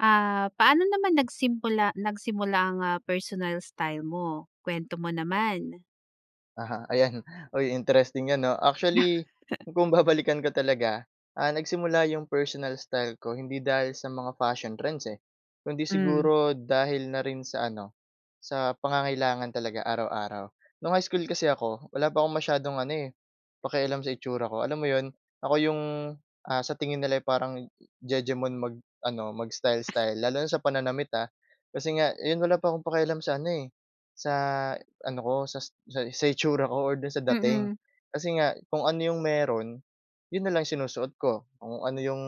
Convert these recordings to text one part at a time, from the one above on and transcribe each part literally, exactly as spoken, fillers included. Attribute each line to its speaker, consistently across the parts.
Speaker 1: Ah, paano naman nagsimpula nagsimula ang, ah, personal style mo, kwento mo naman?
Speaker 2: Aha, ayan. Uy, interesting yan 'no. Actually, kung babalikan ko talaga, ah, nagsimula yung personal style ko hindi dahil sa mga fashion trends, eh. Kung hindi
Speaker 1: Hmm.
Speaker 2: siguro dahil na rin sa ano, sa pangangailangan talaga araw-araw. Noong high school kasi ako, wala pa akong masyadong ano, eh, pakialam sa itsura ko alam mo 'yon. Ako yung, ah, sa tingin nila'y parang jejemon mag-ano, mag-style-style lalo na sa pananamit, ha. Kasi nga, 'yon wala pa akong pakialam sa ano, eh, sa ano ko, sa sa itsura ko or doon sa dating.
Speaker 1: Mm.
Speaker 2: Kasi nga kung ano yung mayro'n, 'yon na lang sinusuot ko. Kung ano yung,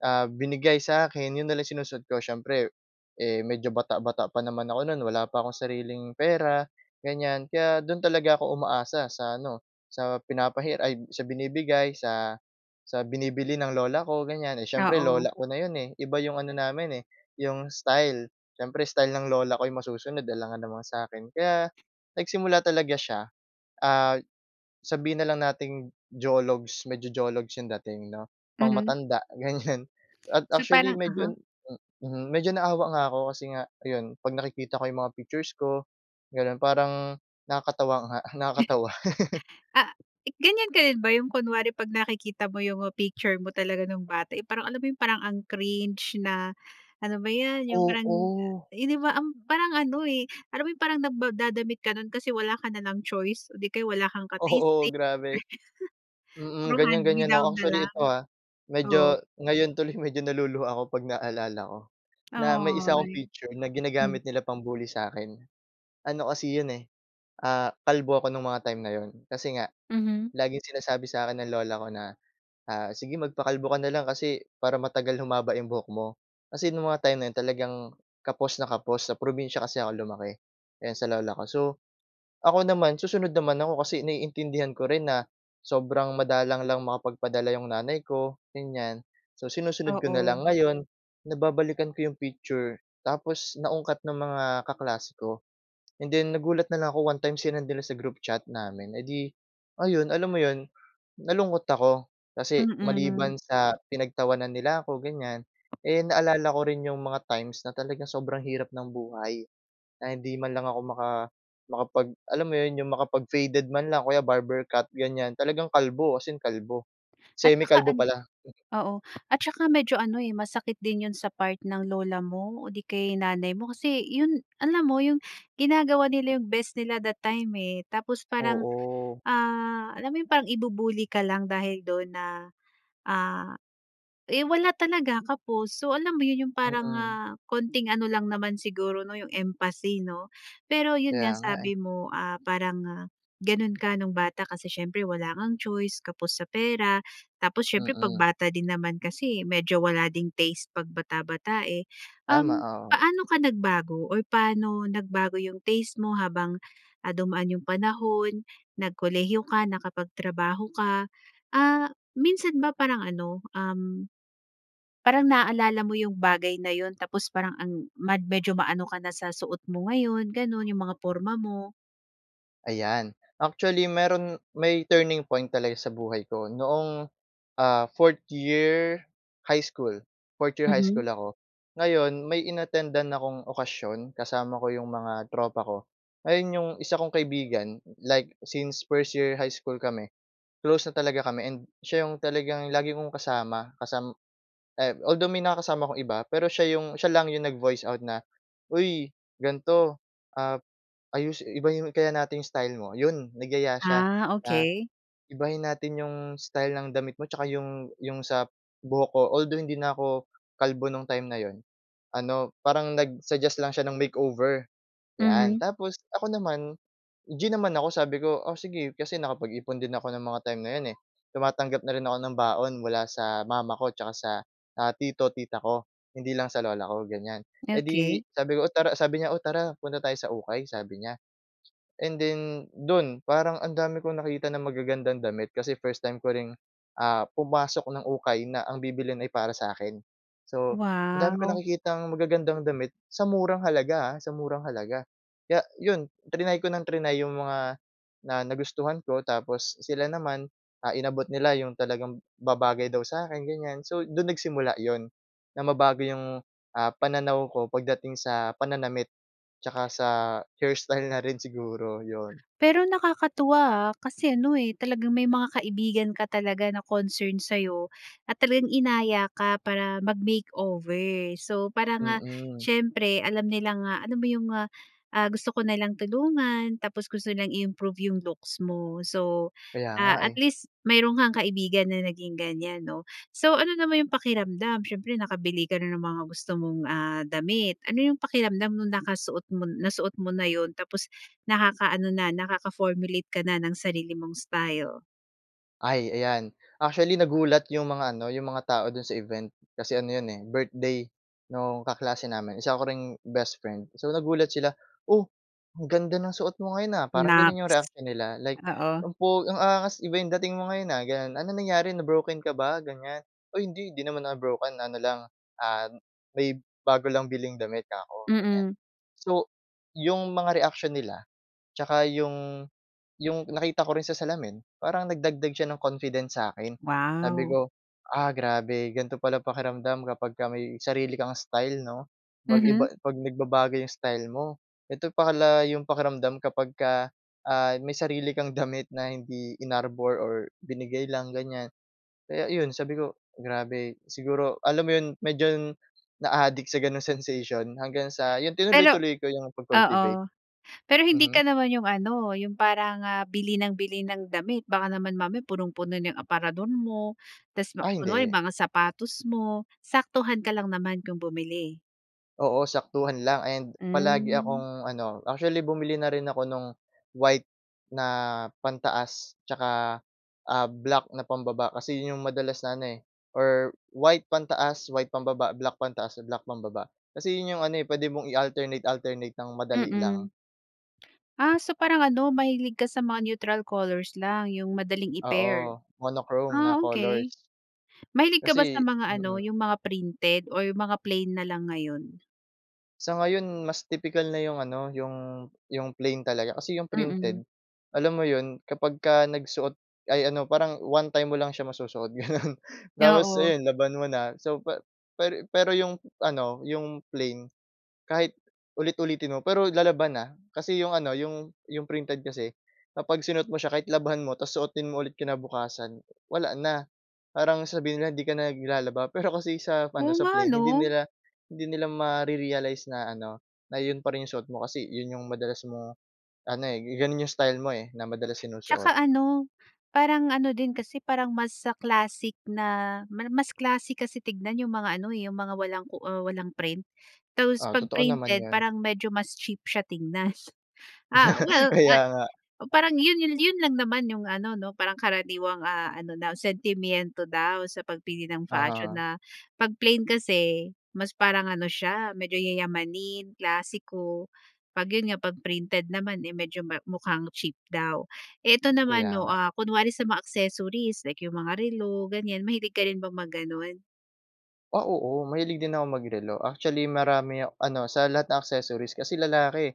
Speaker 2: ah, binigay sa akin, 'yon na lang sinusuot ko. Siyempre, eh, medyo bata-bata pa naman ako noon wala pa akong sariling pera, ganyan. Kaya doon talaga ako umaasa sa ano sa pinapahiram ay sa binibigay, sa sa binibili ng lola ko, ganyan. Eh siyempre
Speaker 1: Oo.
Speaker 2: lola ko na 'yon, eh, iba yung ano namin, eh, yung style. Siyempre style ng lola ko yung masusunod, alangan naman sa akin. Kaya nagsimula talaga siya, ah, sabihin na lang nating jologs, medyo jologs yung dating 'no, pang
Speaker 1: Hmm.
Speaker 2: matanda ganyan at
Speaker 1: So,
Speaker 2: actually
Speaker 1: parang aha.
Speaker 2: medyo mhm, medyo naawa nga ako kasi nga 'yon 'pag nakikita ko yung mga pictures ko, gano'n parang nakakatawa nga, nakakatawa.
Speaker 1: Ah, ganyan ka rin ba yung kunwari 'pag nakikita mo yung picture mo talaga nung bata, eh, parang alam mo yung parang ang cringe na ano ba yan yung parang
Speaker 2: Oo.
Speaker 1: hindi ba ang parang ano, eh, alam mo yung parang nagdadamit ka noon kasi wala ka nalang choice o 'di kaya wala kang
Speaker 2: Oo,
Speaker 1: ka-taste-taste.
Speaker 2: grabe.
Speaker 1: Puro
Speaker 2: Mm, ganyan-ganyan
Speaker 1: hand-me-down
Speaker 2: ako.
Speaker 1: na
Speaker 2: Actually
Speaker 1: lang.
Speaker 2: ito ha,
Speaker 1: Oo.
Speaker 2: medyo ngayon tuloy medyo naluluha ako kapag naalala ko na may isa akong
Speaker 1: Ay,
Speaker 2: picture na ginagamit
Speaker 1: hmm.
Speaker 2: nila pang bully sa akin. Ano kasi 'yon, eh, ah, kalbo ako nung mga time na 'yon. Kasi nga
Speaker 1: Mhm.
Speaker 2: laging sinasabi sa akin ng lola ko na, ah, "Sige magpakalbo ka na lang kasi para matagal humaba yung buhok mo." Kasi nung mga time na 'yon talagang kapos na kapos. Sa probinsya kasi ako lumaki, yan sa lola ko. So, ako naman susunod naman ako kasi naiintindihan ko rin na sobrang madalang lang makapagpadala yung nanay ko, ganyan. So, sinusunod ko na
Speaker 1: Oo.
Speaker 2: lang. Ngayon, nababalikan ko yung picture, tapos naungkat ng mga kaklase ko, and then nagulat na lang ako one time sinend nila sa group chat namin. Edi ayun, alam mo 'yon nalungkot ako kasi
Speaker 1: Mm.
Speaker 2: maliban sa pinagtawanan nila ako ganyan, eh, naalala ko rin yung mga times na talagang sobrang hirap ng buhay na hindi man lang ako maka makapag alam mo yon, yung makapag-faded man lang o kaya barber cut ganyan. Talagang kalbo as in kalbo,
Speaker 1: At saka
Speaker 2: semi-kalbo
Speaker 1: ano
Speaker 2: pala.
Speaker 1: oo. At saka medyo ano, eh, masakit din yon sa part ng lola mo o 'di kaya nanay mo kasi yon alam mo yung ginagawa nila yung best nila that time, eh, tapos parang,
Speaker 2: Oo.
Speaker 1: ah, alam mo yung parang i-bu-bully ka lang dahil do'n na, ah eh, wala talaga kapos. So, alam mo yon yung parang,
Speaker 2: Mm.
Speaker 1: ah, konting ano lang naman siguro 'no yung empathy 'no. Pero yon
Speaker 2: Kaya
Speaker 1: nga
Speaker 2: nga, eh.
Speaker 1: sabi mo, ah, parang ganon ka nung bata kasi siyempre wala ngang choice, kapos sa pera tapos siyempre 'pag
Speaker 2: Mm.
Speaker 1: bata din naman kasi medyo wala ding taste 'pag bata-bata, eh.
Speaker 2: Tama,
Speaker 1: Uhm,
Speaker 2: oo.
Speaker 1: paano ka nagbago or paano nagbago yung taste mo habang, ah, dumaan yung panahon, nag-kolehiyo ka, naka-pagtrabaho ka? Ah, minsan ba parang ano, uhm, parang naaalala mo yung bagay na yon tapos parang ang mad medyo maano ka na sa suot mo ngayon gano'n, yung mga porma mo?
Speaker 2: Ayan, actually meron may turning point talaga sa buhay ko, noong, ah, fourth-year high school, fourth-year high school
Speaker 1: Mhm.
Speaker 2: ako. Ngayon, may in-attendan akong okasyon kasama ko 'yong mga tropa ko. Ngayon, 'yong isa kong kaibigan, like since first-year high school kami, close na talaga kami, and siya 'yong talagang lagi kong kasama kasam ay although may nakakasama akong iba, pero siya 'yong, siya lang 'yong nag-voice out na, "Uy, ganito, ap ayusi ibahin kaya natin yung style mo?" Yon, nagyaya siya
Speaker 1: Ah,
Speaker 2: na,
Speaker 1: okey.
Speaker 2: "Ibahin natin 'yong style ng damit mo tsaka 'yong" 'yong sa buhok ko, although hindi na 'ko kalbo no'ng time na 'yon. Ano, parang nag-suggest lang siya ng makeover, 'yan.
Speaker 1: Mhm.
Speaker 2: Tapos ako naman, G naman ako, sabi ko, "Oh, sige." Kasi nakapag-ipon din ako ng mga time na 'yon, eh. Tumatanggap na rin ako ng baon mula sa mama ko tsaka sa, ah, tito, tita ko, hindi lang sa lola ko, ganyan. Eh 'di,
Speaker 1: Okey.
Speaker 2: sabi ko, "Oh, tara", sabi niya, "Oh, tara punta tayo sa ukay." Sabi niya and then, do’n, parang ang dami kong nakita na magagandang damit, kasi first time ko ring, ah, pumasok ng ukay na ang bibilhin ay para sa 'kin. So, ang dami kong
Speaker 1: Wow.
Speaker 2: nakikitang magagandang damit sa murang halaga, ah, sa murang halaga. Kaya 'yon, triny ko ng triny 'yong mga na nagustuhan ko tapos sila naman, ah, inabot nila 'yong talagang babagay daw sa akin, ganyan. So, doon nagsimula 'yon, na mabago 'yong, ah, pananaw ko pagdating sa pananamit, tsaka sa hairstyle na rin siguro, 'yon.
Speaker 1: Pero nakakatuwa, ah, kasi ano, eh, talagang may mga kaibigan ka talaga na concerned sa 'yo at talagang inaya ka para mag-makeover. So, parang, ah,
Speaker 2: Mm.
Speaker 1: siyempre alam nila nga, alam mo 'yong, ah, ah, gusto ka nilang tulungan, tapos gusto nilang i-improve 'yong looks mo. So,
Speaker 2: Kaya nga,
Speaker 1: ah, at
Speaker 2: eh.
Speaker 1: least mayroon kang kaibigan na naging ganyan, 'no? So ano naman 'yong pakiramdam, siyempre, nakabili ka na ng mga gusto mong, ah, damit? Ano 'yong pakiramdam no'ng nakasuot mo nasuot mo na 'yon, tapos, nakaka-ano na, nakaka-formulate ka na ng sarili mong style?
Speaker 2: Ay, ayan. Actually, nagulat yung mga ano, yung mga tao do'n sa event kasi ano 'yon eh birthday nung kaklase namin, isa ko ring best friend. So, nagulat sila, "Oh, ang ganda ng suot mo ngayon, ah." parang gano'n yung
Speaker 1: Naks!
Speaker 2: reaksyon nila like,
Speaker 1: Oo.
Speaker 2: "Ang pogi ang angas, iba yung dating mo ngayon, ah." gano'n. "Anong nangyari na-broken ka ba?" ganyan. "Ay, hindi hindi naman ako broken ano lang, ah, may bago lang biling damit." 'kako ganyan.
Speaker 1: Mm.
Speaker 2: So, yung mga reaksyon nila tsaka yung yung nakita ko rin sa salamin, parang nagdagdag siya ng confidence sa akin sabi
Speaker 1: Wow.
Speaker 2: ko, "Ah grabe ganito pala pakiramdam kapagka may sarili kang style 'no 'pag
Speaker 1: Mhm.
Speaker 2: iba 'pag nagbabago yung style mo, ito pala yung pakiramdam kapagka, ah, may sarili kang damit na hindi inarbor or binigay lang." ganyan. Kaya 'yon sabi ko, grabe, siguro, alam mo 'yon, medyo naadik sa 'ganong sensation hanggang sa yon,
Speaker 1: Pero
Speaker 2: tinuloy-tuloy ko yung pag-cultivate.
Speaker 1: oo. Pero hindi
Speaker 2: Mhm.
Speaker 1: ka naman yung ano, yung parang, ah, bili ng bili ng damit? Baka naman mamaya punong-puno na yung aparador mo, tapos
Speaker 2: Ah,
Speaker 1: kunwari yung
Speaker 2: hindi.
Speaker 1: mga sapatos mo, saktuhan ka lang naman kung bumili?
Speaker 2: Oo, saktuhan lang and palagi
Speaker 1: Hmm.
Speaker 2: akong ano, actually, bumili na rin ako no’ng white na pantaas, 'tsaka, ah, black na pambaba. Kasi 'yon 'yong madalas na ano, eh, or white pantaas, white pambaba, black pantaas, black pambaba. Kasi 'yon 'yong ano, eh, puwede mong i-alternate-alternate ng madali lang.
Speaker 1: Mm. Ah, so parang ano, mahilig ka sa mga neutral colors lang, 'yong madaling i-pair?
Speaker 2: Oo, monochrome na
Speaker 1: Ah,
Speaker 2: colors.
Speaker 1: okay. Mahilig ka ba sa
Speaker 2: Kasi
Speaker 1: mga ano,
Speaker 2: mm.
Speaker 1: 'yong mga printed or mga plain na lang ngayon?
Speaker 2: Sa ngayon, mas tipikal na 'yong ano, 'yong 'yong plain talaga. Kasi 'yong
Speaker 1: Mm.
Speaker 2: printed, alam mo 'yon, kapagka nagsuot ay, ano, parang one time mo lang siya masusuot, gano’n, tapos
Speaker 1: Oo.
Speaker 2: ayon, laban mo na. So, pa pero pero 'yong ano, 'yong plain, kahit ulit-ulitin mo, pero lalaban, ah, kasi 'yong ano, 'yong 'yong printed kasi, kapag sinuot mo siya, kahit labhan mo tapos suotin mo ulit kinabukasan, wala na, parang sabihin nila, 'di ka naglalaba. Pero kasi sa
Speaker 1: Oo
Speaker 2: ano, sa
Speaker 1: nga,
Speaker 2: plain, hindi
Speaker 1: 'no?
Speaker 2: nila hindi nila ma-rerealize na ano, na 'yon pa rin 'yong suot mo, kasi 'yon 'yong madalas mong ano, eh, gano'n 'yong style mo, eh, na madalas sinusuot.
Speaker 1: 'Tsaka ano, parang ano din kasi, parang mas classic na, mar mas classic kasi tignan 'yong mga, ano, eh, 'yong mga walang ku ah, walang print. Tapos
Speaker 2: Ah,
Speaker 1: 'pag
Speaker 2: totoo naman
Speaker 1: printed
Speaker 2: 'yon.
Speaker 1: parang medyo mas cheap siya tignan. Ah, well,
Speaker 2: Kaya
Speaker 1: ay
Speaker 2: nga.
Speaker 1: o, parang 'yon 'yon 'yon lang naman 'yong ano, 'no, parang karaniwang, ah, ano na, sentimyento daw sa pagpili ng fashion
Speaker 2: Uh-huh.
Speaker 1: na, 'pag plain kasi, mas parang ano siya, medyo yayamanin, klasiko. 'Pag 'yon nga, 'pag printed naman, eh, medyo ma mukhang cheap daw. Eh, ito
Speaker 2: Kaya
Speaker 1: naman 'no,
Speaker 2: nga.
Speaker 1: ah, kunwari sa mga accessories, like 'yong mga relo, ganyan, mahilig ka rin bang mag gano'n?
Speaker 2: Ah, oo mahilig din akong mag-relo. Actually, marami ak ano sa lahat ng accessories kasi lalaki,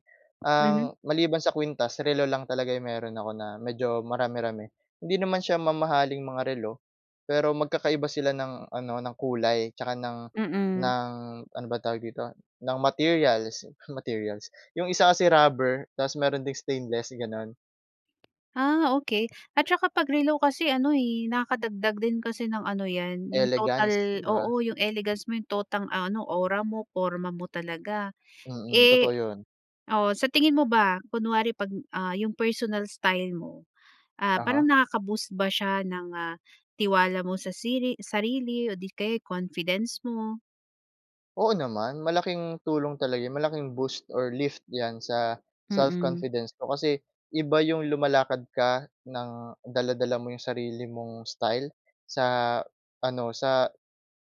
Speaker 1: Mhm.
Speaker 2: ang maliban sa kwintas relo lang talaga yung meron ako na, medyo marami-rami. Hindi naman siya mamahaling mga relo, pero magkakaiba sila ng ano, ng kulay 'tsaka ng
Speaker 1: Mm.
Speaker 2: ng ano ba tawag dito ng materials, materials 'yong isa kasi rubber tapos meron ding stainless gano'n.
Speaker 1: Ah, okay, at tsaka 'pag relo kasi ano eh nakadagdag din kasi ng ano 'yan 'yong
Speaker 2: Elegance,
Speaker 1: total
Speaker 2: 'di ba?
Speaker 1: oo 'yong elegance mo 'yong totang, ah, ano aura mo, porma mo talaga.
Speaker 2: Mm,
Speaker 1: Eh,
Speaker 2: totoo yun.
Speaker 1: oo sa tingin mo ba kunwari 'pag, ah, 'yong personal style mo, ah, parang
Speaker 2: Uh-huh.
Speaker 1: nakaka-boost ba siya ng, ah, tiwala mo sa siri sarili o di kaya sa confidence mo?
Speaker 2: Oo naman, malaking tulong talaga yu malaking boost or lift 'yan sa
Speaker 1: Mm.
Speaker 2: self-confidence ko. Kasi, iba 'yong lumalakad ka nang dala-dala mo 'yong sarili mong style, sa ano sa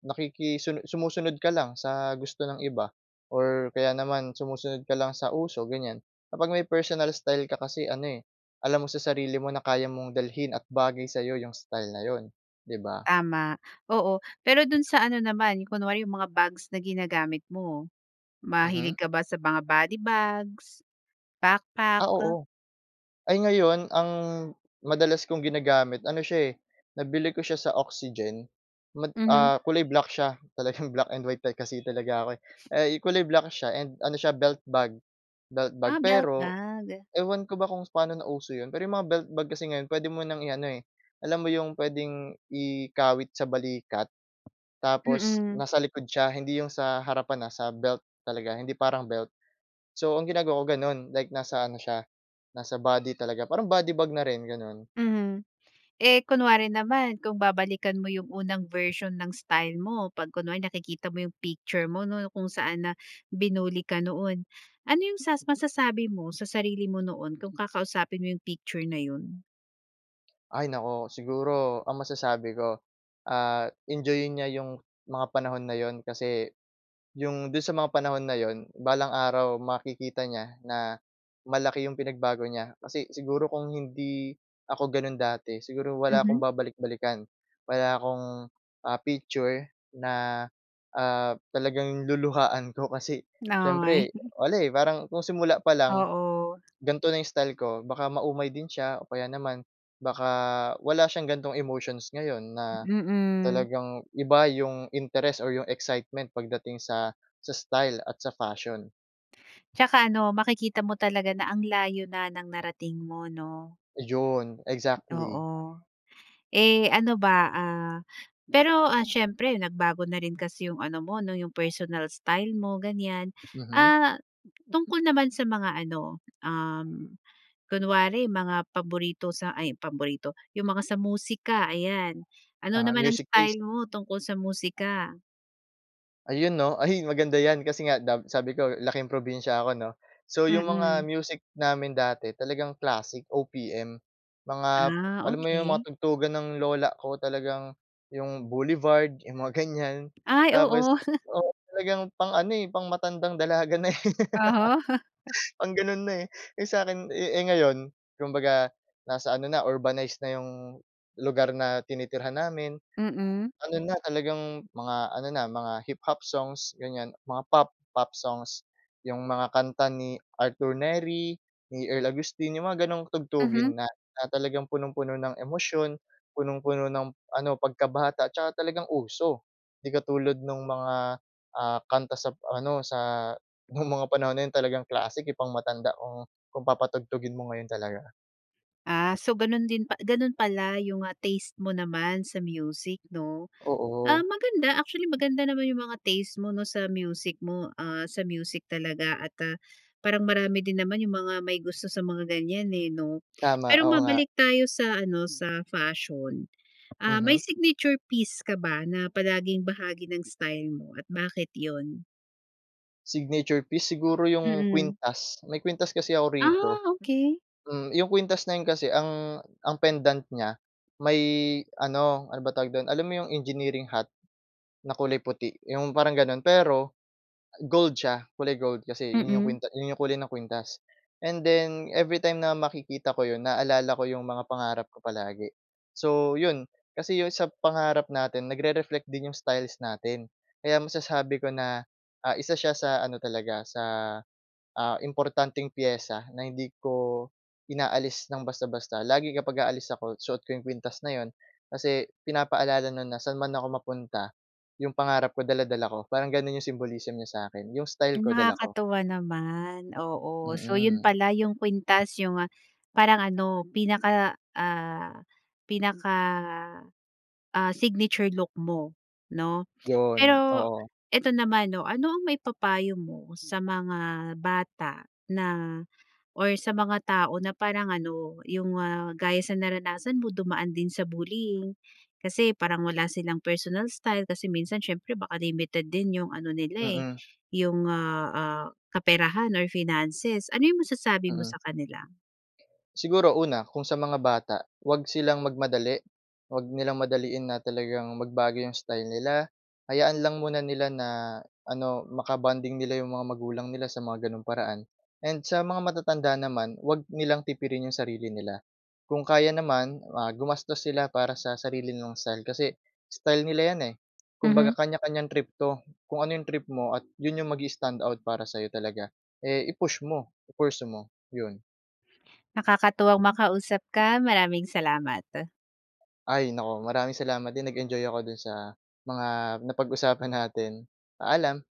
Speaker 2: nakikisuno sumusunod ka lang sa gusto ng iba or kaya naman sumusunod ka lang sa uso, ganyan. Kapag may personal style ka kasi ano, eh, alam mo sa sarili mo na kaya mong dalhin at bagay sa 'yo 'yong style na 'yon, 'di ba?
Speaker 1: Tama, oo. Pero dun sa ano naman, kunwari yung mga bags na ginagamit mo.
Speaker 2: Mhm.
Speaker 1: Mahilig ka ba sa mga body bags, backpack?
Speaker 2: Ah, oo. Ay ngayon ang madalas kong ginagamit, ano siya, eh, nabili ko siya sa Oxygen mad
Speaker 1: Mhm.
Speaker 2: ah, kulay black siya. Talagang black and white type kasi talaga ako, eh. Eh, kulay black siya and ano siya belt bag. Belt bag,
Speaker 1: Ah, belt
Speaker 2: pero
Speaker 1: bag.
Speaker 2: ewan ko ba kung paano na uso 'yon, pero 'yong mga belt bag kasi ngayon puwede mo nang i-ano, eh, alam mo 'yong puwedeng ikawit sa balikat tapos
Speaker 1: Mm.
Speaker 2: nasa likod siya hindi 'yong sa harapan ha, sa belt talaga, hindi parang belt. So ang ginagawa ko gano'n like nasa ano siya nasa body talaga parang body bag na rin ganun.
Speaker 1: Mhm. Eh, kunwari naman kung babalikan mo yung unang version ng style mo pag kunwari nakikita mo yung picture mo 'no, kung saan na binully ka noon. Ano yung sas masasabi mo sa sarili mo noon kung kakausapin mo yung picture na yun?
Speaker 2: Ay, naku, siguro ang masasabi ko, ah, enjoyin niya 'yong mga panahon na 'yon kasi, 'yong do'n sa mga panahon na 'yon balang araw makikita niya na, malaki 'yong pinagbago niya kasi siguro kung hindi ako gano'n dati siguro wala akong
Speaker 1: Mhm.
Speaker 2: babalik-balikan. Wala akong, ah, picture na, ah, talagang luluhuhaan ko kasi
Speaker 1: Nay
Speaker 2: siyempre wala, eh, parang kung simula pa lang,
Speaker 1: Oo.
Speaker 2: ganito na style ko baka maumay din siya o kaya naman baka wala siyang ganitong emotions ngayon na,
Speaker 1: Mm.
Speaker 2: talagang iba yung interes o yung excitement pagdating sa, sa style at sa fashion.
Speaker 1: 'Tsaka ano, makikita mo talaga na ang layo na ng narating mo, 'no.
Speaker 2: 'Yon, exactly.
Speaker 1: Oo. Eh, ano ba ah, pero, ah, siyempre nagbago na rin kasi yung ano mo 'no yung personal style mo, ganiyan.
Speaker 2: Mhm.
Speaker 1: Ah, tungkol naman sa mga ano, uhm, kunwari mga paborito sa ay, paborito. 'Yong mga sa musika, ayan. Ano
Speaker 2: Uh-huh,
Speaker 1: naman ang
Speaker 2: music taste.
Speaker 1: style mo tungkol sa musika?
Speaker 2: Ayun 'no, ay, maganda 'yan kasi nga dab sabi ko laking probinsiya ako 'no. So, 'yong mga
Speaker 1: Mm.
Speaker 2: music namin dati talagang classic O-P-M. Mga,
Speaker 1: Ah,
Speaker 2: alam mo 'yong mga
Speaker 1: okay.
Speaker 2: tugtugan ng lola ko talagang 'yong Boulevard yung mga ganiyan.
Speaker 1: Ay,
Speaker 2: Tapos,
Speaker 1: oo.
Speaker 2: oo, talagang pang-ano, eh, pang matandang dalaga na, eh.
Speaker 1: Oo.
Speaker 2: Pang gano'n na, eh. Eh, sa'kin, eh eh, ngayon kumbaga nasa ano na urbanize na yung, lugar na tinitirhan namin.
Speaker 1: Mm.
Speaker 2: Ano na talagang mga ano na mga hip-hop songs ganiyan mga pop pop songs. 'Yong mga kanta ni Arthur Nery, ni Earl Augustin, yung mga ganong
Speaker 1: Mhm.
Speaker 2: tugtugin na, na talagang punong-puno ng emosyon, punong-puno ng ano pagkabata 'tsaka talagang uso. 'Di katulad nung mga, ah, kanta sa p ano sa, no'ng mga panahon na 'yon talagang classic, eh, pang-matanda kung kung papatugtugin mo ngayon talaga.
Speaker 1: Ah, so, gano'n din pa gano'n pala yung, ah, taste mo naman sa music 'no? Ah,
Speaker 2: Oo.
Speaker 1: maganda, actually maganda naman yung mga taste mo 'no sa music mo, ah, sa music talaga at, ah, parang marami din naman yung mga may gusto sa mga ganyan, eh, 'no?
Speaker 2: Tama,
Speaker 1: Pero
Speaker 2: oo nga.
Speaker 1: mabalik tayo sa ano sa fashion, ah, may
Speaker 2: Mhm.
Speaker 1: signature piece ka ba na palaging bahagi ng style mo at bakit 'yon?
Speaker 2: Signature piece, siguro, yung
Speaker 1: Mm.
Speaker 2: kwintas. May kwintas kasi ako rito.
Speaker 1: Ah, okey.
Speaker 2: Hmm, yung kuwintas na 'yon kasi ang ang pendant niya, may ano, ano ba tawag do’n, alam mo yung engineering hat na kulay puti, yung parang gano’n. Pero gold siya, kulay gold kasi, yun yung
Speaker 1: Mm.
Speaker 2: kwinta yun yung kulay ng kwintas. And then, everytime na makikita ko 'yon, naalala ko yung mga pangarap ko palagi. So 'yon, kasi yung sa pangarap natin, nagre-reflect din yung styles natin. Kaya masasabi ko na, ah, isa siya sa ano talaga, sa, ah, importanteng piyesa na hindi ko inaalis ng basta-basta. Lagi, kapag aalis ako, suot ko yung kwintas na 'yon, kasi pinapaalala no’n na saan man ako mapunta, yung pangarap ko, dala-dala ko. Parang gano’n yung symbolism niya sa akin, yung style
Speaker 1: Hmm,
Speaker 2: ko, dala ko.
Speaker 1: nakakatuwa naman, oo. So, 'yon
Speaker 2: Mm.
Speaker 1: pala yung kwintas, yung parang ano, pinaka, ah, pinaka, ah, signature look mo, 'no?
Speaker 2: 'Yon,
Speaker 1: Pero
Speaker 2: oo.
Speaker 1: ito naman, 'no, ano ang maipapayo mo sa mga bata na, or sa mga tao na parang ano, yung, ah, gaya sa naranasan mo, dumaan din sa bullying, kasi parang wala silang personal style kasi minsan, siyempre baka limited din yung ano nila, eh,
Speaker 2: Mm.
Speaker 1: yung, ah, ah, kaperahan or finances, ano yung masasabi mo
Speaker 2: Mm.
Speaker 1: sa kanila?
Speaker 2: Siguro una, kung sa mga bata, huwag silang magmadali, huwag nilang madaliin na talagang magbago yung style nila. Hayaan lang muna nila na, ano, maka-bonding nila yung mga magulang nila sa mga gano’ng paraan. And sa mga matatanda naman, huwag nilang tipirin yung sarili nila, kung kaya naman, ah, gumastos sila para sa sarili nilang style. Kasi style nila 'yan, eh, kumbaga,
Speaker 1: Mhm.
Speaker 2: kanya-kanyang trip 'to. Kung ano yung trip mo at 'yon yung mag-i-standout para sa'yo talaga, eh, i-push mo, i-pursue mo, 'yon.
Speaker 1: Nakakatuwang makausap ka, maraming salamat.
Speaker 2: Ay naku, maraming salamat din. Nag-enjoy ako do'n sa mga napag-usapan natin, paalam.